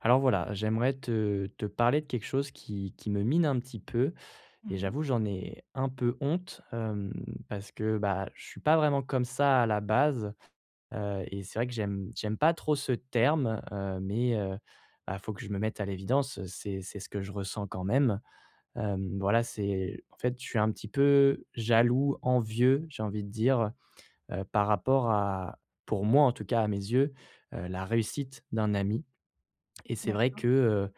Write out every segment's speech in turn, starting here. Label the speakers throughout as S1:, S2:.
S1: Alors, voilà, j'aimerais te te parler de quelque chose qui qui me mine un petit peu
S2: Mmh
S1: et
S2: mh.
S1: j'avoue, j'en ai un peu honte, hem, parce que, bah, je suis pas vraiment comme ça à la base, heu et c'est vrai que j'aime j'aime pas trop ce terme, heu mais heu, ah, faut que je me mette à l'évidence, c'est c'est ce que je ressens quand même, hem, voilà, c'est en fait, je suis un petit peu jaloux, envieux, j'ai envie de dire, heu, par rapport à pour moi, en tout cas, à mes yeux, heu, la réussite d'un ami et c'est vrai que,
S2: D'accord.
S1: heu,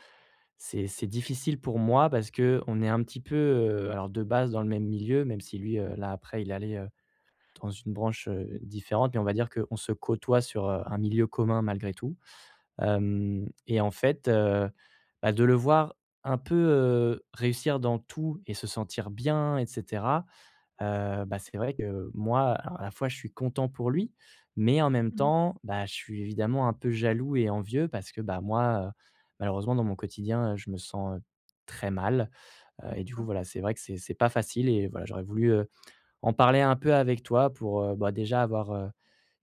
S1: c'est c'est difficile pour moi parce qu'on est un petit peu, heu, alors de base dans le même milieu, même si lui, heu, là, après, il est allé, heu, dans une branche, heu, différente mais on va dire qu'on se côtoie sur, heu, un milieu commun malgré tout, hem et en fait, heu, bah, de le voir un peu, heu, réussir dans tout et se sentir bien et cetera, heu, bah, c'est vrai que, moi, à à la fois, je suis content pour lui mais en même
S2: Mmh mh.
S1: temps, bah, je suis évidemment un peu jaloux et envieux parce que, bah, moi, heu, malheureusement, dans mon quotidien, heu, je me sens très mal, heu et du coup,
S2: D'accord.
S1: voilà, c'est vrai que c'est c'est pas facile et voilà, j'aurais voulu, heu, en parler un peu avec toi pour, heu, bah, déjà, avoir, heu,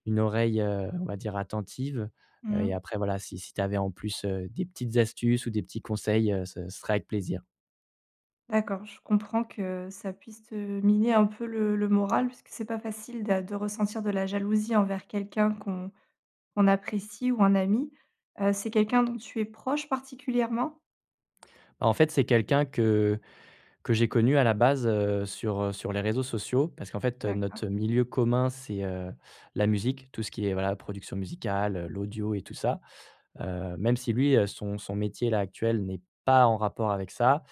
S1: une oreille, heu, on va dire attentive, heu
S2: Mmh
S1: et
S2: mh.
S1: après, voilà, si si tu avais en plus, heu, des petites astuces ou des petits conseils, heu, ce serait avec plaisir.
S2: D'accord, je comprends que ça puisse te miner un peu le le moral puisque c'est pas facile d'a de ressentir de la jalousie envers quelqu'un qu'on qu'on apprécie ou un ami, heu, c'est quelqu'un dont tu es proche particulièrement?
S1: En fait, c'est quelqu'un que que j'ai connu à la base, heu, sur, heu, sur les réseaux sociaux parce qu'en fait notre
S2: D'accord.
S1: milieu commun c'est, heu, la musique, tout ce qui est, voilà, production musicale, l'audio et tout ça, heu, même si lui, heu, son son métier-là, actuel, n'est pas en rapport avec ça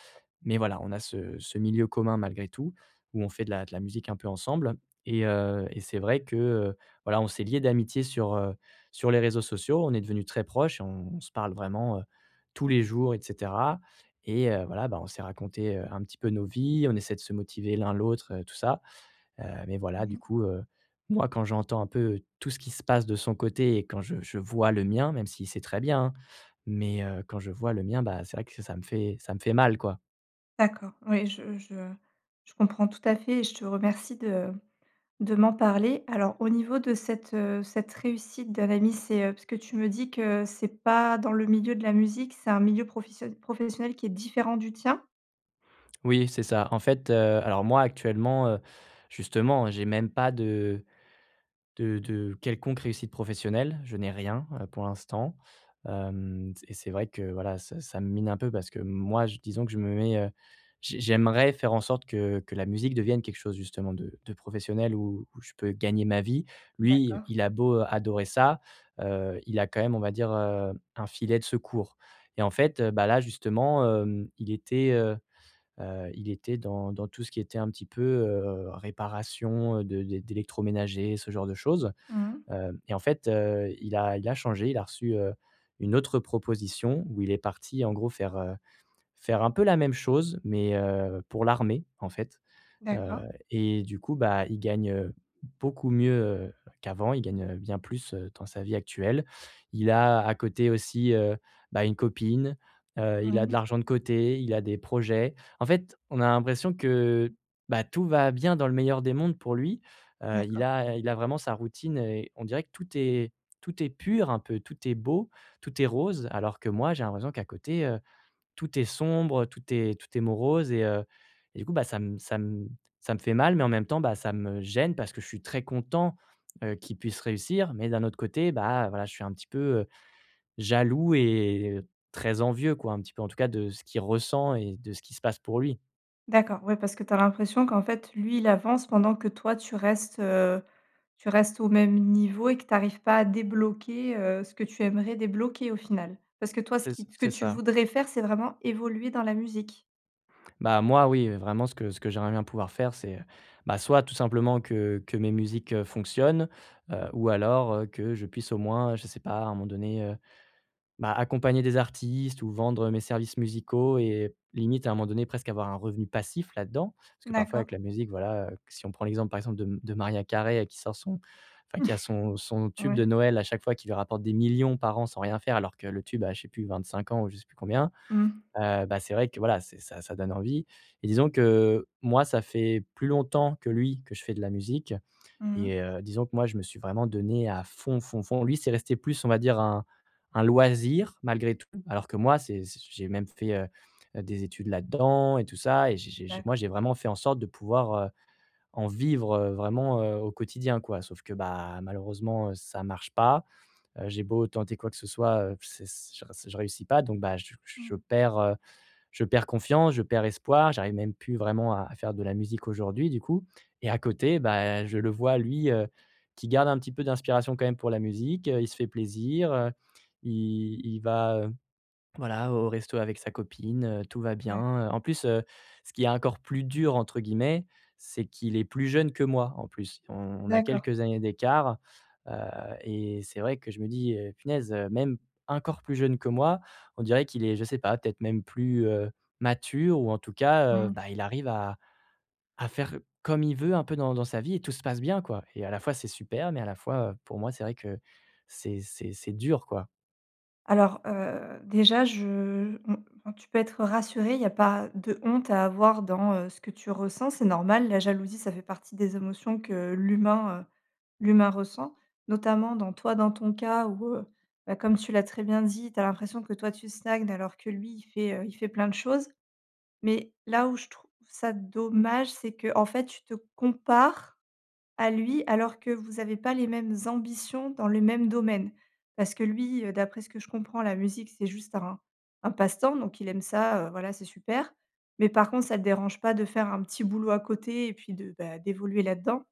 S1: mais voilà, on a ce ce milieu commun malgré tout où on fait de la de la musique un peu ensemble et heu et c'est vrai que, heu, voilà, on s'est lié d'amitié sur, heu, sur les réseaux sociaux. On est devenu très proches et on se parle vraiment, heu, tous les jours et cetera et heu, voilà, bah, on s'est raconté, heu, un petit peu nos vies. On essaie de se motiver l'un, l'autre, tout ça, heu, mais voilà,
S2: Mmh
S1: du
S2: mh.
S1: coup, heu, moi, quand j'entends un peu tout ce qui se passe de son côté et quand je je vois le mien même si c'est très bien, hein, mais heu, quand je vois le mien, bah, c'est vrai que ça me fait ça me fait mal, quoi.
S2: D'accord, oui, je je je comprends tout à fait et je te remercie de de m'en parler, alors au niveau de cette, heu, cette réussite d'un ami, c'est, heu, parce tu me dis que c'est pas dans le milieu de la musique, c'est un milieu professio professionnel qui est différent du tien?
S1: Oui, c'est ça, en fait, heu, alors moi, actuellement, heu, justement, j'ai même pas de de de quelconque réussite professionnelle, je n'ai rien, heu, pour l'instant, hem, s et c'est vrai que, voilà, ça ça me mine un peu parce que moi j disons que je me mets, heu, j j'aimerais faire en sorte que que la musique devienne quelque chose, justement, de de professionnel, où où je peux gagner ma vie. Lui,
S2: D'accord.
S1: il a beau adorer ça, heu, il a quand même, on va dire, heu, un filet de secours. Et en fait, heu, bah, là, justement, hem, il était, heu, heu, il était dans dans tout ce qui était un petit peu, heu, réparation, heu, de d'é d'électroménager, ce genre de choses.
S2: Mmh.
S1: Hem et en fait, heu, il a il a changé, il a reçu, heu, une autre proposition où il est parti, en gros, faire, heu, faire un peu la même chose mais, heu, pour l'armée, en fait, heu
S2: D'accord.
S1: et du coup, bah, il gagne, heu, beaucoup mieux, heu, qu'avant, il gagne, heu, bien plus, heu, dans sa vie actuelle. Il a à côté aussi, heu, bah, une copine, heu, il a de
S2: Mmh.
S1: l'argent de côté, il a des projets. En fait, on a l'impression que, bah, tout va bien dans le meilleur des mondes pour lui. Heu, il
S2: D'accord.
S1: a il a vraiment sa routine et on dirait que tout est tout est pur un peu, tout est beau, tout est rose alors que moi, j'ai l'impression qu'à côté, heu, tout est sombre, tout est tout est morose et heu, du coup, bah, ça me ça me ça me fait mal. Mais en même temps, bah, ça me gêne, parce que je suis très content, heu, qu'il puisse réussir. Mais d'un autre côté, bah, voilà, je suis un petit peu, heu, jaloux et très envieux, quoi, un petit peu, en tout cas, de ce qu'il ressent et de ce qui se passe pour lui.
S2: D'accord, ouais, parce que tu as l'impression qu'en fait lui, il avance pendant que toi tu restes, heu, tu restes au même niveau et que tu arrives pas à débloquer, heu, ce que tu aimerais débloquer au final? Parce que toi, ce
S1: C'est ç
S2: qui t ce que
S1: c'est
S2: tu
S1: ça.
S2: voudrais faire, c'est vraiment évoluer dans la musique?
S1: Bah, moi, oui, vraiment ce que ce que j'aimerais bien pouvoir faire, c'est, bah, soit tout simplement que que mes musiques, heu, fonctionnent, heu, ou alors, heu, que je puisse au moins, je sais pas, à un moment donné, heu, bah, accompagner des artistes ou vendre mes services musicaux et limite à un moment donné presque avoir un revenu passif là-dedans parce que parfois
S2: D'accord.
S1: avec la musique, voilà, que si on prend l'exemple par exemple de m de Mariah Carey qui sort son enfin, qui a son son tube de
S2: Ouais.
S1: Noël à chaque fois qui lui rapporte des millions par an sans rien faire alors que le tube a, je sais plus 25 ans ou je sais plus combien,
S2: Mmh.
S1: heu, bah, c'est vrai que, voilà, c'est ça ça donne envie et disons que, moi, ça fait plus longtemps que lui que je fais de la musique
S2: Mmh mh.
S1: et heu, disons que, moi, je me suis vraiment donné à fond, fond, fond. Lui, c'est resté plus on va dire, un un loisir malgré tout alors que moi c'est c'est j'ai même fait, heu heu, des études là-dedans et tout ça et j'ai j'ai j'ai moi,
S2: D'accord.
S1: j'ai vraiment fait en sorte de pouvoir, heu, en vivre, heu, vraiment, heu, au quotidien, quoi, sauf que, bah, malheureusement, heu, ça marche pas, heu, j'ai beau tenter quoi que ce soit, heu, c c je re je réussis pas donc, bah, je
S2: Mmh
S1: je
S2: mh.
S1: perds, heu, je perds confiance, je perds espoir. J'arrive même plus vraiment à à faire de la musique aujourd'hui, du coup et à côté, bah, je le vois, lui, heu, qui garde un petit peu d'inspiration quand même pour la musique, heu, il se fait plaisir, heu, il il va, heu, voilà, au resto avec sa copine, tout va bien,
S2: D'accord.
S1: heu, en plus, heu, ce qui est «encore plus dur» entre guillemets, c'est qu'il est plus jeune que moi, en plus, on on a
S2: D'accord.
S1: quelques années d'écart, heu et c'est vrai que je me dis: «Eh, punaise, même encore plus jeune que moi, on dirait qu'il est, je sais pas, peut-être même plus, heu, mature ou en tout cas, heu,
S2: Mmh.
S1: bah, il arrive à à faire comme il veut un peu dans dans sa vie et tout se passe bien», quoi et à la fois, c'est super mais à la fois, heu, pour moi, c'est vrai que c'est c'est c'est dur, quoi.
S2: Alors, heu, déjà, je, mmh, enfin, tu peux être rassuré, il y a pas de honte à avoir dans, heu, ce que tu ressens, c'est normal. La jalousie, ça fait partie des émotions que l'humain, heu, l'humain ressent, notamment, dans toi, dans ton cas où, heu, bah, comme tu l'as très bien dit, tu as l'impression que, toi, tu stagnes, alors que, lui, il fait, heu, il fait plein de choses mais là où je trouve ça dommage, c'est qu'en fait tu te compares à lui alors que vous avez pas les mêmes ambitions dans le même domaine parce que lui, heu, d'après ce que je comprends, la musique c'est juste un un passe-temps, donc il aime ça, heu, voilà, c'est super mais par contre, ça le dérange pas de faire un petit boulot à côté et puis de, beh, d'évoluer là-dedans.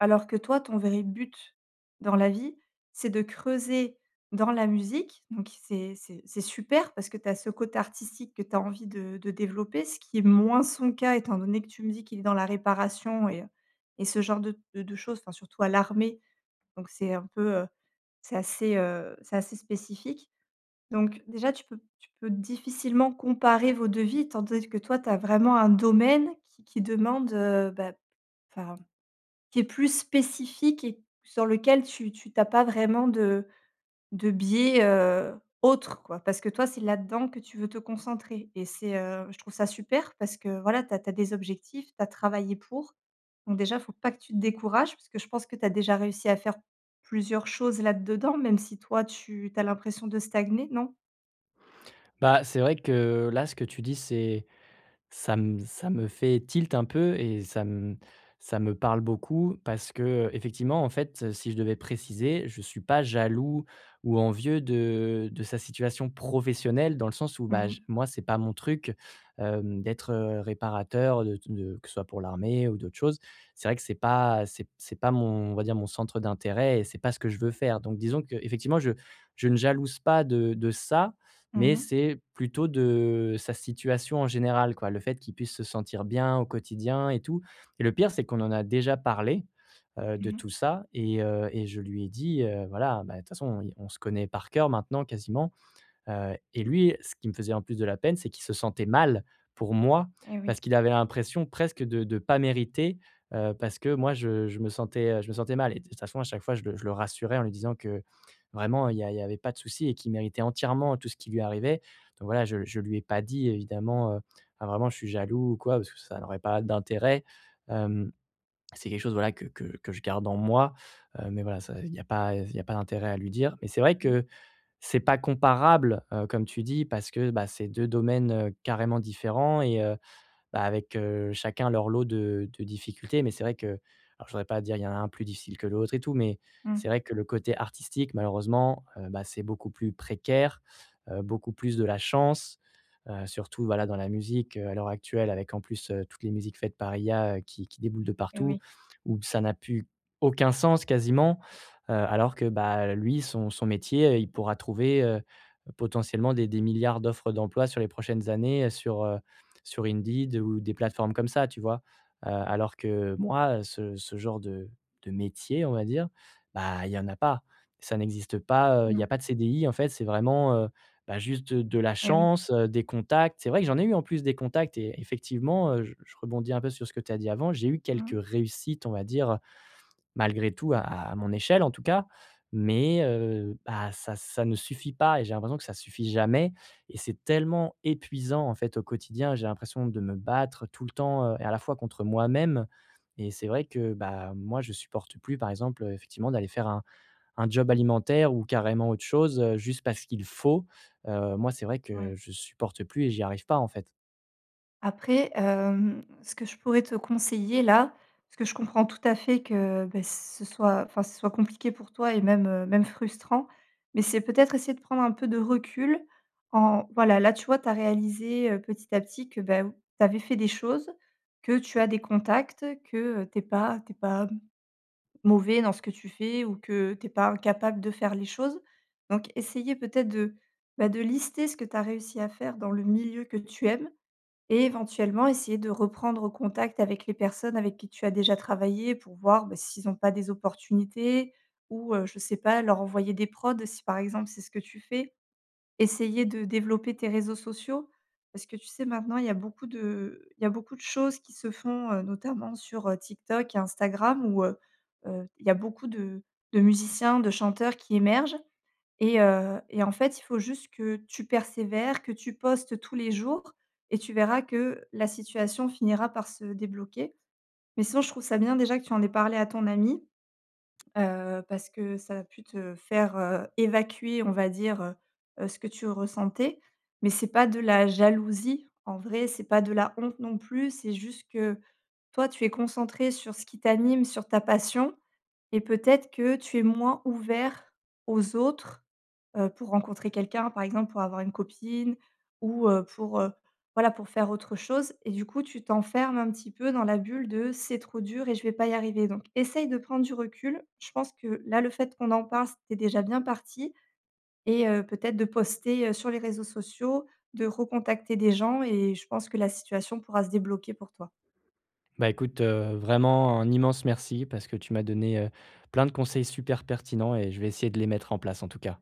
S2: Alors que toi, ton vrai but dans la vie, c'est de creuser dans la musique donc c'est c'est c'est super parce que tu as ce côté artistique que tu as envie de de développer, ce qui est moins son cas étant donné que tu me dis qu'il est dans la réparation et et ce genre de de de choses, enfin, surtout à l'armée donc c'est un peu, heu, c'est assez, heu, c'est assez spécifique donc, déjà, tu peux tu peux difficilement comparer vos 2 vies, tandis que toi, tu as vraiment un domaine qui qui demande, heu, beh, enfin, qui est plus spécifique et sur lequel tu tu tu as pas vraiment de de biais, heu, autres, quoi parce que toi c'est là dedans que tu veux te concentrer et c'est, heu, je trouve ça super parce que voilà tu as tu as des objectifs, tu as travaillé pour, donc déjà, faut pas que tu te décourages parce que je pense que tu as déjà réussi à faire plusieurs choses là-dedans même si toi, tu tu as l'impression de stagner, non?
S1: Bah c'est vrai que, là ce que tu dis c'est ça me ça me fait tilt un peu et ça m ça me parle beaucoup. Parce qu'effectivement, en fait, si je devais préciser, je suis pas jaloux ou envieux de de sa situation professionnelle dans le sens où
S2: Mmh
S1: bah, je
S2: mh.
S1: moi, c'est pas mon truc, hem, d'être, heu, réparateur, de t de que ce soit pour l'armée ou d'autres choses. C'est vrai que c'est pas, c'est p c'est pas mon on va dire mon centre d'intérêt et c'est pas ce que je veux faire, donc disons qu'effectivement, je je ne jalouse pas de de ça,
S2: Mmh
S1: mais
S2: mh.
S1: c'est plutôt de sa situation en général, quoi. Le fait qu'il puisse se sentir bien au quotidien et tout, et le pire, c'est qu'on en a déjà parlé, heu, de
S2: Mmh mh.
S1: tout ça et heu et je lui ai dit, heu, voilà bah, de toute façon, i on se connaît par cœur maintenant, quasiment, heu, et lui, ce qui me faisait en plus de la peine, c'est qu'il se sentait mal pour moi.
S2: Et oui.
S1: Parce qu'il avait l'impression presque de de pas mériter, heu, parce que moi, je je me sentais, heu je me sentais mal, et de toute façon, à chaque fois, je le je le rassurais en lui disant que: «Vraiment, il y a il y avait pas de souci et qu'il méritait entièrement tout ce qui lui arrivait» donc voilà, je je lui ai pas dit évidemment, heu enfin vraiment: «Je suis jaloux.» ou quoi parce que ça n'aurait pas d'intérêt, hem, c'est quelque chose voilà que que que je garde en moi, heu, mais voilà, ça, il y a pas, heu, s il y a pas d'intérêt à lui dire, mais c'est vrai
S2: Mmh.
S1: que c'est pas comparable, heu, comme tu dis, parce que bah c'est 2 domaines, heu, carrément différents et heu, bah, avec, heu, chacun leur lot de de difficultés, mais c'est vrai que alors je voudrais pas dire, il y a un plus difficile que l'autre et tout, mais
S2: Mmh.
S1: c'est vrai que le côté artistique malheureusement, heu, bah, c'est beaucoup plus précaire. Heu, beaucoup plus de la chance, heu, surtout voilà dans la musique, heu, à l'heure actuelle. Avec en plus, heu, toutes les musiques faites par IA qui qui déboulent de
S2: Et
S1: partout
S2: oui.
S1: où b ça n'a plus aucun sens quasiment, heu, alors que bah, lui son son métier, heu, il pourra trouver, heu, potentiellement des des milliards d'offres d'emploi sur les prochaines années, sur, heu sur Indeed ou des plateformes comme ça, tu vois? Heu, alors que moi, ce ce genre de de métier, on va dire, bah, il y en a pas, ça n'existe pas, heu, il y
S2: Mmh.
S1: a pas de CDI, en fait. C'est vraiment, heu, bah, juste de de la
S2: Et oui.
S1: chance, heu, des contacts, c'est vrai que j'en ai eu en plus des contacts et effectivement, heu, je je rebondis un peu sur ce que tu as dit avant. J'ai eu quelques
S2: Mmh.
S1: réussites, on va dire, malgré tout à à mon échelle en tout cas, mais heu, bah, ça ça ne suffit pas et j'ai l'impression que ça suffit jamais, et c'est tellement épuisant en fait au quotidien. J'ai l'impression de me battre tout le temps, heu, et à la fois contre moi même, et c'est vrai que, bah, moi je supporte plus par exemple, heu, effectivement d'aller faire un un job alimentaire ou carrément autre chose, heu, juste parce qu'il faut, heu, moi, c'est vrai que
S2: Ouais.
S1: je supporte plus et j'y arrive pas en fait.
S2: Après, hem, ce que je pourrais te conseiller, là, parce que je comprends tout à fait que, beh, Ce soit enfin, ce soit compliqué pour toi et même, heu, même frustrant mais c'est peut-être essayer de prendre un peu de recul en voilà, là, tu vois? Tu as réalisé, heu, petit à petit que, beh, tu avais fait des choses, que tu as des contacts que, heu, tu es pas tu es pas m mauvais dans ce que tu fais ou que tu es pas incapable de faire les choses, donc essayer peut-être de, bah, de lister ce que tu as réussi à faire dans le milieu que tu aimes et éventuellement essayer de reprendre contact avec les personnes avec qui tu as déjà travaillé pour voir, bah, s'ils ont pas des opportunités ou heu, je sais pas, leur envoyer des prods si, par exemple, c'est ce que tu fais. Essayer de développer tes réseaux sociaux parce que, tu sais, maintenant, il y a beaucoup de il y a beaucoup de choses qui se font, heu, notamment sur, heu, TikTok et Instagram où, heu heu, il y a beaucoup de de musiciens, de chanteurs qui émergent et heu, et en fait, il faut juste que tu persévères, que tu postes tous les jours et tu verras que la situation finira par se débloquer mais sinon, je trouve ça bien déjà que tu en aies parlé à ton ami. Heu, parce que ça a pu te faire, heu, évacuer, on va dire, heu heu, ce que tu ressentais mais c'est pas de la jalousie, en vrai, c'est pas de la honte, non plus, c'est juste que, toi, tu es concentré sur ce qui t'anime, sur ta passion et peut-être que tu es moins ouvert aux autres, heu, pour rencontrer quelqu'un, par exemple, pour avoir une copine ou heu, pour, heu, voilà, pour faire autre chose et du coup, tu t'enfermes un petit peu dans la bulle de «C'est trop dur et je vais pas y arriver», donc essaye de prendre du recul. Je pense que, là, le fait qu'on en parle, c'est déjà bien parti et heu, peut-être, de poster, heu, sur les réseaux sociaux, de recontacter des gens et je pense que la situation pourra se débloquer pour toi.
S1: Bah, écoute, heu, vraiment, un immense merci, parce que tu m'as donné, heu, plein de conseils super pertinents, et je vais essayer de les mettre en place, en tout cas.